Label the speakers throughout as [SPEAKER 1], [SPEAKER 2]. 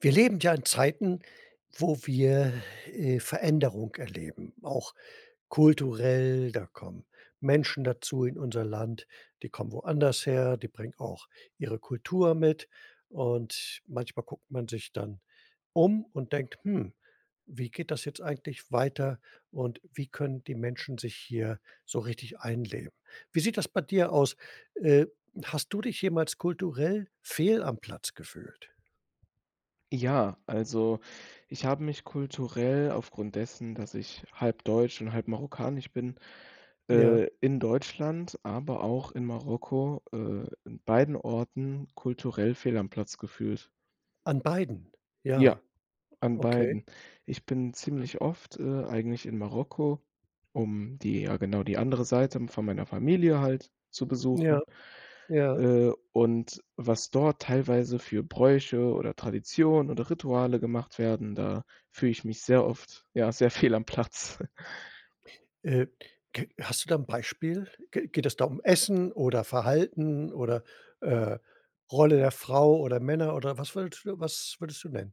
[SPEAKER 1] Wir leben ja in Zeiten, wo wir, äh, Veränderung erleben, auch kulturell, da kommen Menschen dazu in unser Land, die kommen woanders her, die bringen auch ihre Kultur mit. Und, manchmal guckt man sich dann um und denkt: „Hm, wie geht das jetzt eigentlich weiter und wie können die Menschen sich hier so richtig einleben?“ Wie sieht das bei dir aus? Äh, hast du dich jemals kulturell fehl am Platz gefühlt?
[SPEAKER 2] Ja, also, ich habe mich kulturell aufgrund dessen, dass ich halb deutsch und halb marokkanisch bin,
[SPEAKER 1] Ja.
[SPEAKER 2] äh, in Deutschland, aber auch in Marokko, äh, in beiden Orten kulturell fehl am Platz gefühlt.
[SPEAKER 1] An beiden?
[SPEAKER 2] Ja,
[SPEAKER 1] Ja,
[SPEAKER 2] an
[SPEAKER 1] okay.
[SPEAKER 2] beiden. Ich bin
[SPEAKER 1] Hm.
[SPEAKER 2] ziemlich oft, äh, eigentlich in Marokko, um die ja, genau, die andere Seite von meiner Familie halt zu
[SPEAKER 1] Ja,
[SPEAKER 2] besuchen,
[SPEAKER 1] ja.
[SPEAKER 2] äh, und was dort teilweise für Bräuche oder Traditionen oder Rituale gemacht werden, da fühle ich mich sehr oft ja sehr fehl am Platz.
[SPEAKER 1] Äh, g hast du da 'n Beispiel? G geht es da um Essen oder Verhalten oder, äh, Rolle der Frau oder Männer oder was willst was würdest du nennen?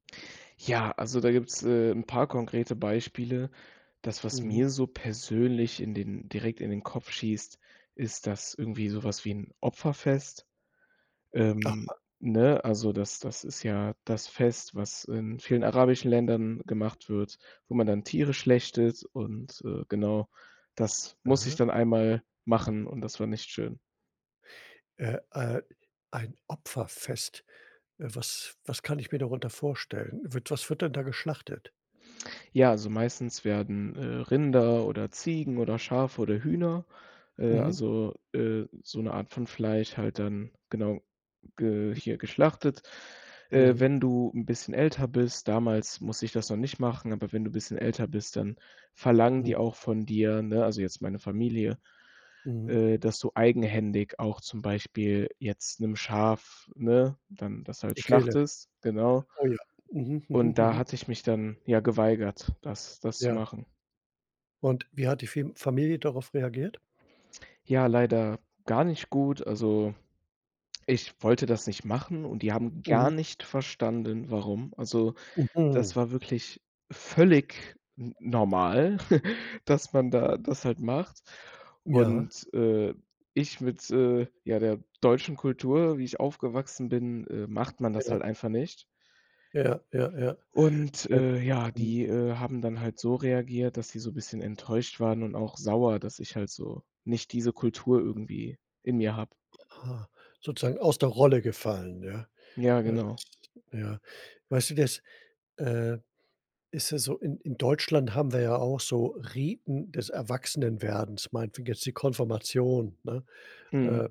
[SPEAKER 2] Ja, also, da gibt's, äh, 'n paar konkrete Beispiele. Das, was
[SPEAKER 1] Mhm.
[SPEAKER 2] mir so persönlich in den direkt in den Kopf schießt, ist das irgendwie so was wie 'n Opferfest, ähm,
[SPEAKER 1] Aha.
[SPEAKER 2] ne? Also, das das ist ja das Fest, was in vielen arabischen Ländern gemacht wird, wo man dann Tiere schlachtet und, äh, genau. Das musste ich
[SPEAKER 1] Ah.
[SPEAKER 2] dann 1. Mal machen und das war nicht schön.
[SPEAKER 1] Äh äh, ein Opferfest, äh, was was kann ich mir darunter vorstellen? Wird was wird denn da geschlachtet?
[SPEAKER 2] Ja, also meistens werden, äh, Rinder oder Ziegen oder Schafe oder Hühner, äh,
[SPEAKER 1] Mhm.
[SPEAKER 2] also, äh, so 'ne Art von Fleisch halt dann genau, ge hier geschlachtet. Äh,
[SPEAKER 1] Mhm.
[SPEAKER 2] wenn du 'n bisschen älter bist- damals musste ich das noch nicht machen- aber wenn du bisschen älter bist, dann verlangen
[SPEAKER 1] Hm.
[SPEAKER 2] die auch von dir, ne, also jetzt meine Familie,
[SPEAKER 1] Mhm.
[SPEAKER 2] äh, dass du eigenhändig auch zum Beispiel jetzt 'nem Schaf ne, dann das halt
[SPEAKER 1] Die Kehle?
[SPEAKER 2] schlachtest, genau.
[SPEAKER 1] Oh ja. Mhm, mhm,
[SPEAKER 2] Und da
[SPEAKER 1] mhm.
[SPEAKER 2] hatte ich mich dann, ja, geweigert, das das zu
[SPEAKER 1] Ja.
[SPEAKER 2] machen.
[SPEAKER 1] Und, wie hat die Firm Familie darauf reagiert?
[SPEAKER 2] Ja, leider gar nicht gut. Also, ich wollte das nicht machen und die haben gar
[SPEAKER 1] Mhm.
[SPEAKER 2] nicht verstanden, warum. Also, das
[SPEAKER 1] Mhm.
[SPEAKER 2] war wirklich völlig n normal, dass man da das halt macht
[SPEAKER 1] Ja.
[SPEAKER 2] und, äh, ich mit, äh, ja, der deutschen Kultur, wie ich aufgewachsen bin äh, macht man das
[SPEAKER 1] Ja.
[SPEAKER 2] halt einfach nicht.
[SPEAKER 1] Ja, ja, ja.
[SPEAKER 2] Und,
[SPEAKER 1] Äh,
[SPEAKER 2] äh, ja,
[SPEAKER 1] mhm.
[SPEAKER 2] die, äh, haben dann halt so reagiert, dass sie so bisschen enttäuscht waren und auch sauer, dass ich halt so nicht diese Kultur irgendwie in mir habe.
[SPEAKER 1] Ah. Sozusagen aus der Rolle gefallen, ja.
[SPEAKER 2] Ja,
[SPEAKER 1] Ja.
[SPEAKER 2] genau.
[SPEAKER 1] Ja. Weißt du, das, äh, ist ja so, in in Deutschland haben wir ja auch so Riten des Erwachsenwerdens, meinetwegen jetzt die Konfirmation, ne,
[SPEAKER 2] Mhm.
[SPEAKER 1] äh,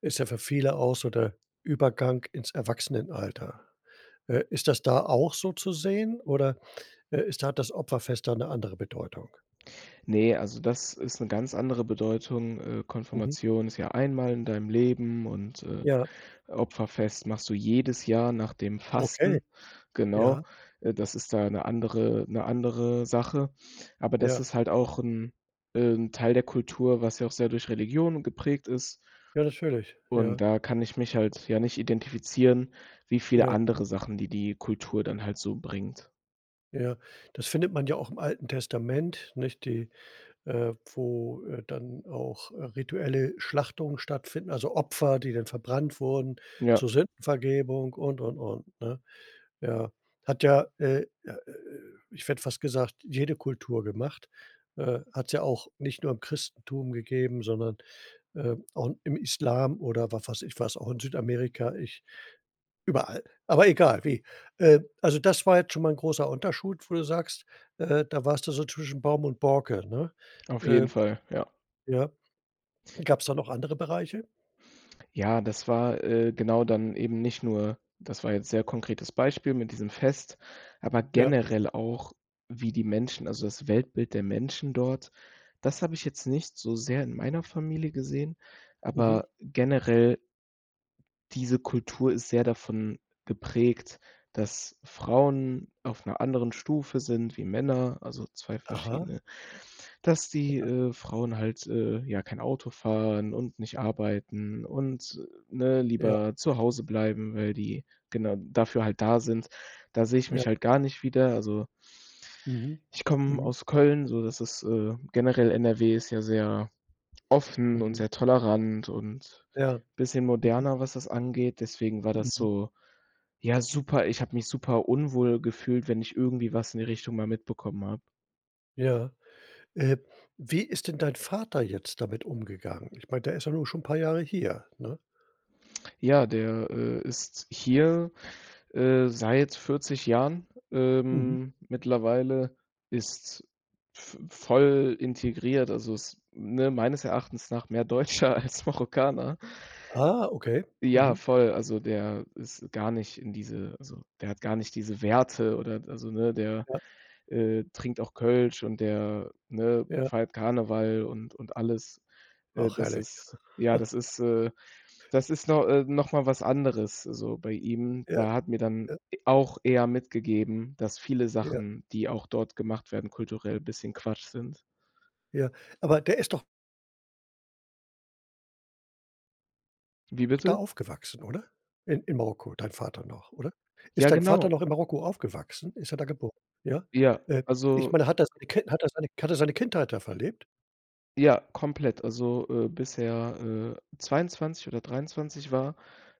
[SPEAKER 1] ist ja für viele auch so der Übergang ins Erwachsenenalter. Äh, ist das da auch so zu sehen oder, äh, ist hat das Opferfest da 'ne andere Bedeutung?
[SPEAKER 2] Ne, also das ist 'ne ganz andere Bedeutung, äh,
[SPEAKER 1] Mhm.
[SPEAKER 2] Konfirmation ist ja einmal in deinem Leben und, äh,
[SPEAKER 1] Ja.
[SPEAKER 2] Opferfest machst du jedes Jahr nach dem
[SPEAKER 1] Okay.
[SPEAKER 2] Fasten, genau.
[SPEAKER 1] Ja.
[SPEAKER 2] Äh, das ist da 'ne andere 'ne andere Sache. Aber das
[SPEAKER 1] Ja.
[SPEAKER 2] ist halt auch 'n äh, 'n Teil der Kultur, was ja auch sehr durch Religion geprägt ist
[SPEAKER 1] Ja, natürlich,
[SPEAKER 2] und
[SPEAKER 1] ja.
[SPEAKER 2] da kann ich mich halt, ja, nicht identifizieren, wie viele
[SPEAKER 1] Ja.
[SPEAKER 2] andere Sachen, die, die Kultur dann halt so bringt.
[SPEAKER 1] Ja, das findet man ja auch im Alten Testament, nicht, die, äh wo, äh, dann auch, äh, rituelle Schlachtungen stattfinden, also Opfer, die dann verbrannt wurden
[SPEAKER 2] Ja.
[SPEAKER 1] zur Sündenvergebung und, und, und, ne? Ja. Hat ja, äh, ja, äh, äh ich hätte fast gesagt, jede Kultur gemacht. Äh, hat's ja auch nicht nur im Christentum gegeben, sondern, äh, auch im Islam oder wa weiß ich, was auch in Südamerika ich überall. Aber egal wie. Äh, also das war jetzt schon mal 'n großer Unterschied, wo du sagst, äh, da warst du so zwischen Baum und Borke, ne?
[SPEAKER 2] Auf
[SPEAKER 1] Äh.
[SPEAKER 2] jeden Fall, ja.
[SPEAKER 1] Ja. Gab's da noch andere Bereiche?
[SPEAKER 2] Ja, das war, äh, genau dann eben nicht nur das war jetzt sehr konkretes Beispiel mit diesem Fest, aber
[SPEAKER 1] Ja.
[SPEAKER 2] generell auch, wie die Menschen, also das Weltbild der Menschen dort, das habe ich jetzt nicht so sehr in meiner Familie gesehen,
[SPEAKER 1] Mhm.
[SPEAKER 2] aber generell Diese Kultur ist sehr davon geprägt, dass Frauen auf 'ner anderen Stufe sind wie Männer, also zwei
[SPEAKER 1] Aha.
[SPEAKER 2] verschiedene. Dass die,
[SPEAKER 1] [unintelligible]
[SPEAKER 2] äh, Frauen halt, äh, ja, kein Auto fahren und nicht arbeiten und, äh, ne,
[SPEAKER 1] Ja.
[SPEAKER 2] lieber zu Hause bleiben, weil die genau dafür halt da sind. Da sehe ich
[SPEAKER 1] Ja.
[SPEAKER 2] mich halt gar nicht wieder. Also
[SPEAKER 1] Mhm,
[SPEAKER 2] ich komme
[SPEAKER 1] mhm.
[SPEAKER 2] aus Köln so, das ist, äh generell NRW ist ja sehr offen und
[SPEAKER 1] Mhm.
[SPEAKER 2] sehr tolerant und
[SPEAKER 1] Ja.
[SPEAKER 2] bisschen
[SPEAKER 1] Mhm.
[SPEAKER 2] moderner, was das angeht, deswegen war das
[SPEAKER 1] Mhm.
[SPEAKER 2] so, ja, super ich habe mich super unwohl gefühlt, wenn ich irgendwie was in die Richtung mal mitbekommen habe.
[SPEAKER 1] Ja. Ähm, wie ist denn dein Vater jetzt damit umgegangen? Ich meine, der ist ja nun schon 'n paar Jahre hier, ne?
[SPEAKER 2] Ja, der, äh, ist hier, äh, seit 40 Jahren,
[SPEAKER 1] Mhm.
[SPEAKER 2] ähm, mittlerweile, ist v voll integriert, also, ist, ne, meines Erachtens nach mehr Deutscher als Marokkaner.
[SPEAKER 1] Ah, okay,
[SPEAKER 2] Ja,
[SPEAKER 1] mhm.
[SPEAKER 2] voll, also der ist gar nicht in diese also, der hat gar nicht diese Werte oder d also ne, der,
[SPEAKER 1] Ja.
[SPEAKER 2] äh, trinkt auch Kölsch und der, ne,
[SPEAKER 1] Ja.
[SPEAKER 2] feiert Karneval und und alles. Äh,
[SPEAKER 1] Ach
[SPEAKER 2] das
[SPEAKER 1] herrlich.
[SPEAKER 2] ist ja, das ist, äh, das ist no äh, noch mal was anderes so bei ihm.
[SPEAKER 1] Ja.
[SPEAKER 2] Da hat mir dann
[SPEAKER 1] Ja.
[SPEAKER 2] e auch er mitgegeben, dass viele
[SPEAKER 1] Ja.
[SPEAKER 2] Sachen, die auch dort gemacht werden kulturell, bisschen Quatsch sind.
[SPEAKER 1] Ja. Aber, der ist doch
[SPEAKER 2] Wie
[SPEAKER 1] da
[SPEAKER 2] bitte?
[SPEAKER 1] aufgewachsen, oder? I in Marokko, dein Vater noch, oder? Ist
[SPEAKER 2] Ja,
[SPEAKER 1] dein Vater
[SPEAKER 2] genau.
[SPEAKER 1] noch in Marokko aufgewachsen? Ist er da geboren? Ja?
[SPEAKER 2] Ja,
[SPEAKER 1] Äh, ich
[SPEAKER 2] also
[SPEAKER 1] meine, hat der sei Kin hat er seine K hat er seine Kindheit da verlebt?
[SPEAKER 2] Ja, komplett, also, äh, bis er, äh, 22 oder 23 war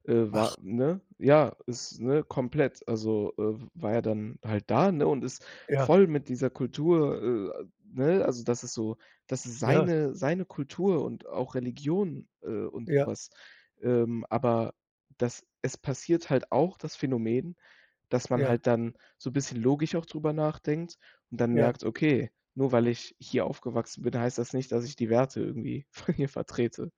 [SPEAKER 2] äh,
[SPEAKER 1] Ach.
[SPEAKER 2] war, ne, ja, ist, ne, komplett, also, äh, war er dann halt da, ne, und ist
[SPEAKER 1] Ja.
[SPEAKER 2] voll mit dieser Kultur, äh ne, also das ist so das ist
[SPEAKER 1] Ja.
[SPEAKER 2] seine seine Kultur und auch Religion, äh, und
[SPEAKER 1] Ja.
[SPEAKER 2] sowas. Ähm, aber das es passiert halt auch das Phänomen, dass man
[SPEAKER 1] Ja.
[SPEAKER 2] halt dann so bisschen logisch auch drüber nachdenkt und dann
[SPEAKER 1] Ja.
[SPEAKER 2] merkt: „Okay, nur weil ich hier aufgewachsen bin, heißt das nicht, dass ich die Werte irgendwie von hier vertrete.“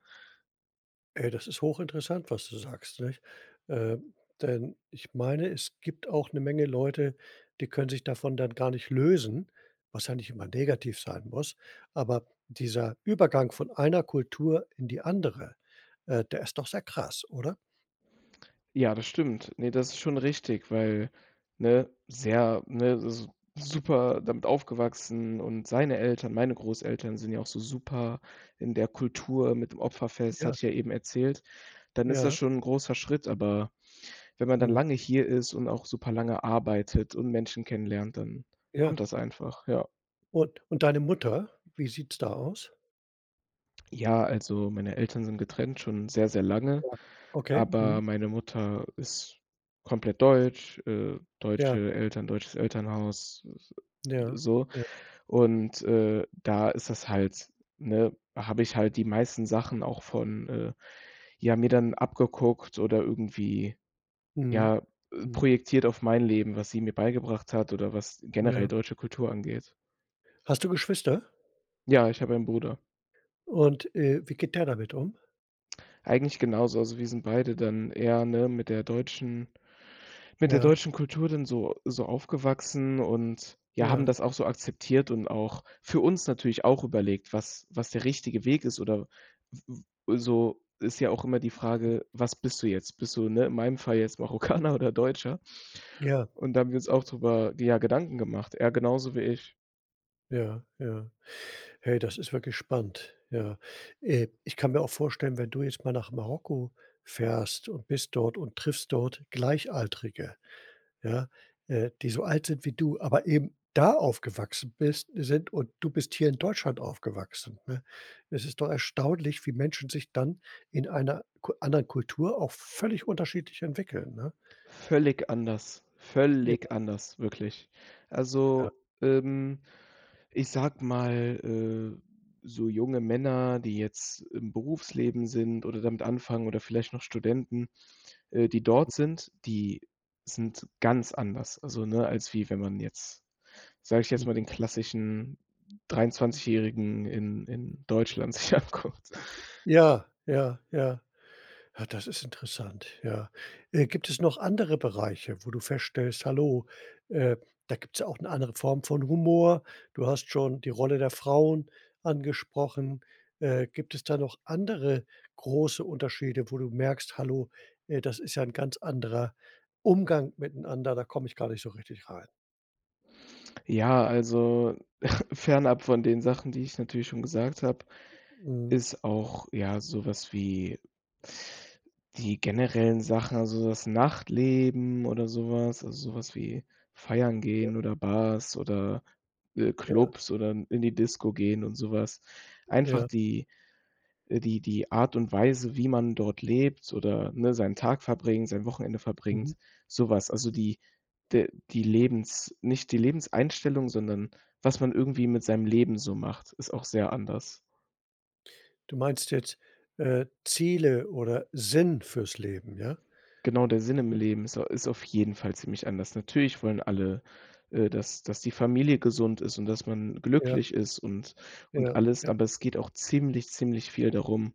[SPEAKER 1] Ey, das ist hoch interessant, was du sagst, nicht? Ähm, denn ich meine, es gibt auch eine Menge Leute, die können sich davon dann gar nicht lösen, was ja nicht immer negativ sein muss. Aber dieser Übergang von einer Kultur in die andere, äh, der ist doch sehr krass, oder?
[SPEAKER 2] Ja, das stimmt. Ne, das ist schon richtig, weil ne? Sehr, ne s super damit aufgewachsen und seine Eltern, meine Großeltern sind ja auch so super in der Kultur mit dem Opferfest, hatte
[SPEAKER 1] Ja.
[SPEAKER 2] ich ja eben erzählt, dann ist das
[SPEAKER 1] Ja.
[SPEAKER 2] schon 'n großer Schritt, aber wenn man dann
[SPEAKER 1] Mhm.
[SPEAKER 2] lange hier ist und auch super lange arbeitet und Menschen kennenlernt, dann
[SPEAKER 1] Ja.
[SPEAKER 2] kommt das einfach, ja.
[SPEAKER 1] Und und deine Mutter? Wie sieht's da aus?
[SPEAKER 2] Ja, also meine Eltern sind getrennt, schon sehr, sehr lange,
[SPEAKER 1] Ja. Okay.
[SPEAKER 2] aber
[SPEAKER 1] Mhm.
[SPEAKER 2] meine Mutter ist komplett deutsch, äh,
[SPEAKER 1] Ja.
[SPEAKER 2] deutsche Eltern, deutsches Elternhaus, s
[SPEAKER 1] Ja.
[SPEAKER 2] so.
[SPEAKER 1] Ja.
[SPEAKER 2] Und, äh, da ist das halt, ne, habe ich halt die meisten Sachen auch von, äh, ja, mir dann abgeguckt oder irgendwie
[SPEAKER 1] Mhm.
[SPEAKER 2] ja, äh,
[SPEAKER 1] Mhm.
[SPEAKER 2] projektiert auf mein Leben, was sie mir beigebracht hat oder was generell
[SPEAKER 1] Ja.
[SPEAKER 2] deutsche Kultur angeht.
[SPEAKER 1] Hast du Geschwister?
[SPEAKER 2] Ja, ich habe einen Bruder.
[SPEAKER 1] Und, äh, wie geht der damit um?
[SPEAKER 2] Eigentlich genauso. Also wir sind beide dann eher, ne, mit der deutschen mit der
[SPEAKER 1] Ja.
[SPEAKER 2] deutschen Kultur dann so so aufgewachsen und, ja, haben
[SPEAKER 1] Ja.
[SPEAKER 2] das auch so akzeptiert und auch für uns natürlich auch überlegt, was was der richtige Weg ist oder w w so, ist ja auch immer die Frage: „Was bist du jetzt? Bist du, ne, in meinem Fall jetzt Marokkaner oder Deutscher?“
[SPEAKER 1] Ja.
[SPEAKER 2] Und da haben wir uns auch darüber, ja, Gedanken gemacht. Er genauso wie ich.
[SPEAKER 1] Ja, ja. Hey, das ist wirklich spannend, ja. Äh, ich kann mir auch vorstellen, wenn du jetzt mal nach Marokko fährst und bist dort und triffst dort Gleichaltrige, ja, äh, die so alt sind wie du, aber eben da aufgewachsen bist sind und du bist hier in Deutschland aufgewachsen, ne? Es ist doch erstaunlich, wie Menschen sich dann in einer Ku anderen Kultur auch völlig unterschiedlich entwickeln, ne?
[SPEAKER 2] Völlig anders,
[SPEAKER 1] Ja.
[SPEAKER 2] völlig anders, wirklich.
[SPEAKER 1] Ja.
[SPEAKER 2] Also, ähm, ich sage mal, äh, so junge Männer, die jetzt im Berufsleben sind oder damit anfangen oder vielleicht noch Studenten, äh, die dort
[SPEAKER 1] Mhm.
[SPEAKER 2] sind, die sind ganz anders. Also, ne, als wie wenn man jetzt, sage ich jetzt mal,
[SPEAKER 1] Mhm.
[SPEAKER 2] den klassischen 23- Jährigen in in Deutschland sich anguckt.
[SPEAKER 1] Ja, ja, ja. Ja, das ist interessant, ja. Äh, gibt es noch andere Bereiche, wo du feststellst: „Hallo, äh, da gibt's ja auch 'ne andere Form von Humor.“ Du hast schon die Rolle der Frauen angesprochen. Äh, gibt es da noch andere große Unterschiede, wo du merkst: „Hallo, äh, das ist ja 'n ganz anderer Umgang miteinander, da komme ich gar nicht so richtig rein?“
[SPEAKER 2] Ja, also fernab von den Sachen, die ich natürlich schon gesagt habe,
[SPEAKER 1] Mhm.
[SPEAKER 2] ist auch, ja, sowas wie die generellen Sachen, also das Nachtleben oder sowas, also sowas wie Feiern
[SPEAKER 1] Ja.
[SPEAKER 2] gehen oder Bars oder, äh,
[SPEAKER 1] Ja.
[SPEAKER 2] Clubs oder in in die Disco gehen und sowas. Einfach
[SPEAKER 1] Ja.
[SPEAKER 2] die, äh, die die Art und Weise, wie man dort lebt oder, ne, seinen Tag verbringt, sein Wochenende verbringt,
[SPEAKER 1] Mhm.
[SPEAKER 2] so was. Also, die de die Lebens nicht die Lebenseinstellung, sondern was man irgendwie mit seinem Leben so macht, ist auch sehr anders.
[SPEAKER 1] Du meinst jetzt, äh, Ziele oder Sinn fürs Leben, ja?
[SPEAKER 2] Genau der Sinn im
[SPEAKER 1] Spannend.
[SPEAKER 2] Leben ist au ist auf jeden Fall ziemlich anders. Natürlich wollen alle, äh, dass dass die Familie gesund ist und dass man
[SPEAKER 1] Ja.
[SPEAKER 2] glücklich ist und und
[SPEAKER 1] Ja,
[SPEAKER 2] alles.
[SPEAKER 1] ja.
[SPEAKER 2] Aber es geht auch ziemlich, ziemlich viel darum,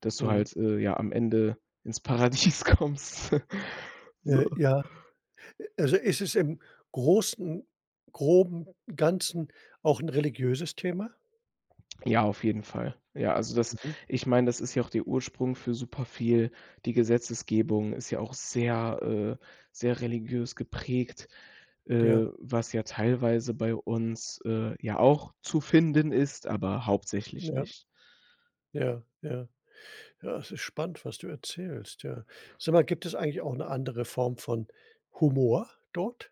[SPEAKER 2] dass du
[SPEAKER 1] Mhm.
[SPEAKER 2] halt, äh, ja am Ende ins Paradies kommst. So.
[SPEAKER 1] Äh, ja. Äh, also ist es im großen groben Ganzen auch 'n religiöses Thema?
[SPEAKER 2] Ja, auf jeden Fall. Ja, also das
[SPEAKER 1] Mhm.
[SPEAKER 2] ich meine, das ist ja auch der Ursprung für superviel. Die Gesetzesgebung ist ja auch sehr, äh, sehr religiös geprägt,
[SPEAKER 1] Ja.
[SPEAKER 2] äh, was ja teilweise bei uns, äh, ja auch zu finden ist, aber hauptsächlich
[SPEAKER 1] Ja.
[SPEAKER 2] nicht.
[SPEAKER 1] Ja, ja. Ja, es ist spannend, was du erzählst, ja. Sag mal, gibt es eigentlich auch 'ne andere Form von Humor dort?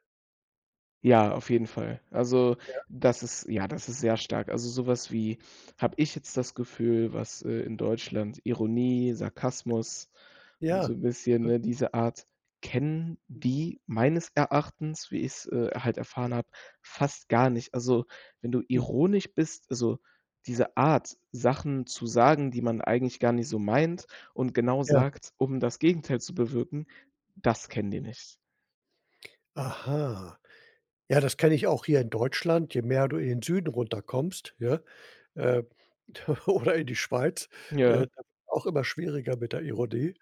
[SPEAKER 2] Ja, auf jeden Fall. Also
[SPEAKER 1] Ja.
[SPEAKER 2] das ist ja, das ist sehr stark. Also so was wie habe ich jetzt das Gefühl, was, äh, in Deutschland Ironie, Sarkasmus, so
[SPEAKER 1] Ja.
[SPEAKER 2] 'n bisschen
[SPEAKER 1] Mhm.
[SPEAKER 2] ne, diese Art kennen die meines Erachtens, wie ich's, äh, halt erfahren habe, fast gar nicht. Also, wenn du
[SPEAKER 1] Hm.
[SPEAKER 2] ironisch bist, also diese Art, Sachen zu sagen, die man eigentlich gar nicht so meint und genau
[SPEAKER 1] Ja.
[SPEAKER 2] sagt, um das Gegenteil zu bewirken, das kennen die
[SPEAKER 1] [unintelligible]
[SPEAKER 2] nicht.
[SPEAKER 1] Aha. Ja, das kenne ich auch hier in Deutschland, je mehr du in den Süden runterkommst, ja. Äh, oder in die Schweiz,
[SPEAKER 2] Ja.
[SPEAKER 1] äh, auch immer schwieriger mit der Ironie.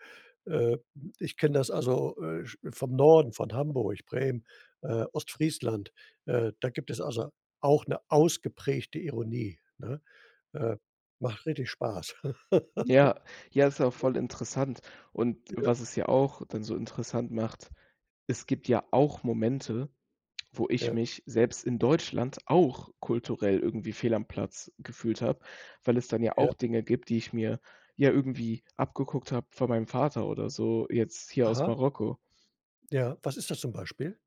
[SPEAKER 1] Äh, ich kenne das also, äh, sch vom Norden, von Hamburg, Bremen, äh, Ostfriesland, äh, da gibt es also auch 'ne ausgeprägte Ironie, ne? Äh, macht richtig Spaß.
[SPEAKER 2] Ja, ja, ist ja auch voll interessant. Und
[SPEAKER 1] Ja.
[SPEAKER 2] was es ja auch dann so interessant macht, es gibt ja auch Momente, wo ich
[SPEAKER 1] Ja.
[SPEAKER 2] mich selbst in Deutschland auch kulturell irgendwie fehl am Platz gefühlt habe, weil es dann ja
[SPEAKER 1] Ja.
[SPEAKER 2] auch Dinge gibt, die ich mir ja irgendwie abgeguckt habe von meinem Vater oder so jetzt hier aus
[SPEAKER 1] Aha.
[SPEAKER 2] Marokko.
[SPEAKER 1] Ja, was ist das zum Beispiel?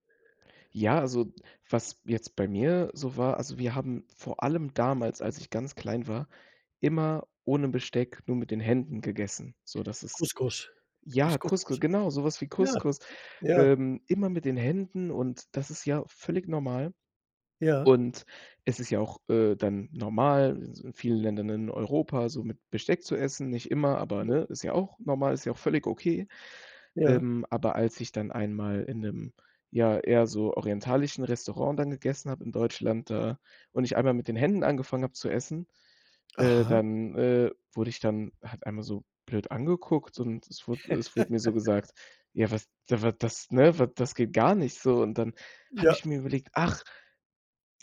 [SPEAKER 2] Ja, also was jetzt bei mir so war also wir haben vor allem damals, als ich ganz klein war, immer ohne Besteck nur mit den Händen gegessen, sodass es
[SPEAKER 1] Couscous,
[SPEAKER 2] ja,
[SPEAKER 1] ist
[SPEAKER 2] Couscou
[SPEAKER 1] Couscous?
[SPEAKER 2] genau so was wie
[SPEAKER 1] Ja,
[SPEAKER 2] Couscous,
[SPEAKER 1] ja.
[SPEAKER 2] ähm, immer mit den Händen und das ist ja völlig normal.
[SPEAKER 1] Ja.
[SPEAKER 2] Und es ist ja auch, äh, dann normal in s vielen Ländern in Europa so mit Besteck zu essen, nicht immer, aber,
[SPEAKER 1] [unintelligible]
[SPEAKER 2] ne, ist ja auch normal, ist ja auch völlig okay.
[SPEAKER 1] Ja.
[SPEAKER 2] Ähm, aber als ich dann einmal in 'nem, ja, eher so orientalischen Restaurant dann gegessen habe in Deutschland da und ich einmal mit den Händen angefangen habe zu essen, äh,
[SPEAKER 1] Aha.
[SPEAKER 2] dann, äh, wurde ich dann halt einmal so blöd angeguckt und es wurde es wurde mir so gesagt, ja was, da w das, ne, w das geht gar nicht so, und dann habe ich
[SPEAKER 1] Ja.
[SPEAKER 2] mir überlegt: „Ach,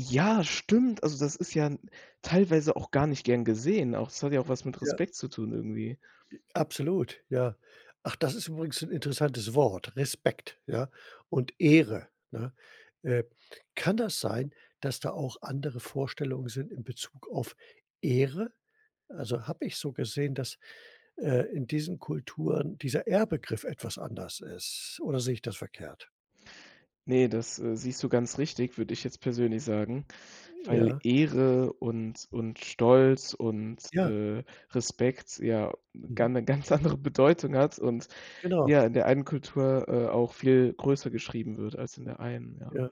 [SPEAKER 2] ja, stimmt“, also das ist ja 'n teilweise auch gar nicht gern gesehen, auch es hat ja auch was mit
[SPEAKER 1] Ja.
[SPEAKER 2] Respekt zu tun irgendwie.
[SPEAKER 1] J absolut, ja. Ach, das ist übrigens 'n interessantes Wort, Respekt, ja und Ehre, ne? Äh, kann das sein, dass da auch andere Vorstellungen sind in Bezug auf Ehre? Also, habe ich so gesehen, dass, äh, in diesen Kulturen dieser Ehrbegriff etwas anders ist oder sehe ich das verkehrt?
[SPEAKER 2] Ne, das, äh, siehst du ganz richtig, würde ich jetzt persönlich sagen, weil
[SPEAKER 1] Ja.
[SPEAKER 2] Ehre und und Stolz und,
[SPEAKER 1] Ja.
[SPEAKER 2] äh, Respekt ja 'ne
[SPEAKER 1] Mhm.
[SPEAKER 2] gan 'ne ganz andere Bedeutung hat und,
[SPEAKER 1] Genau.
[SPEAKER 2] ja, in der einen Kultur, äh, auch viel größer geschrieben wird als in der einen, ja.
[SPEAKER 1] Ja,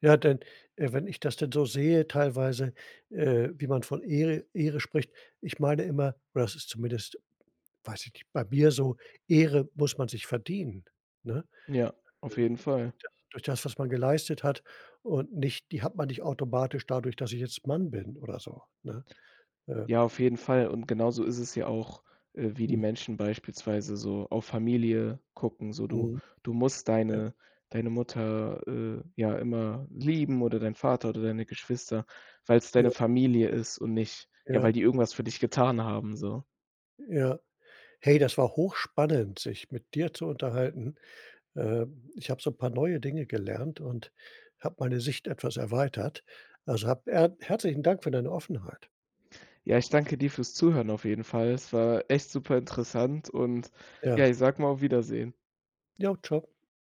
[SPEAKER 1] ja, dann wenn ich das denn so sehe teilweise, äh, wie man von Ehre Ehre spricht ich meine immer oder das ist zumindest, weiß ich nicht, bei mir so, Ehre muss man sich verdienen, ne? Ne?
[SPEAKER 2] Ja, auf jeden Fall.
[SPEAKER 1] [unintelligible] Durch das, was man geleistet hat und nicht die hat man nicht automatisch dadurch, dass ich jetzt Mann bin oder so, ne? Äh.
[SPEAKER 2] Ja, auf jeden Fall und genauso ist es ja auch, äh, wie die
[SPEAKER 1] Mhm.
[SPEAKER 2] Menschen beispielsweise so auf Familie gucken, so du
[SPEAKER 1] Mhm.
[SPEAKER 2] du musst
[SPEAKER 1] Ja.
[SPEAKER 2] deine deine Mutter, äh, ja immer lieben oder deinen Vater oder deine Geschwister, weil's deine
[SPEAKER 1] Ja.
[SPEAKER 2] Familie ist und nicht, ja,
[SPEAKER 1] Ja.
[SPEAKER 2] weil die irgendwas für dich getan haben so.
[SPEAKER 1] Ja. Hey, das war hochspannend, sich mit dir zu unterhalten. Ähm, ich habe so 'n paar neue Dinge gelernt und habe meine Sicht etwas erweitert. Also, hab er herzlichen Dank für deine Offenheit.
[SPEAKER 2] Ja, ich danke dir fürs Zuhören auf jeden Fall. Es war echt superinteressant und,
[SPEAKER 1] Ja.
[SPEAKER 2] ja, ich sage mal auf Wiedersehen.
[SPEAKER 1] Ja, tschau.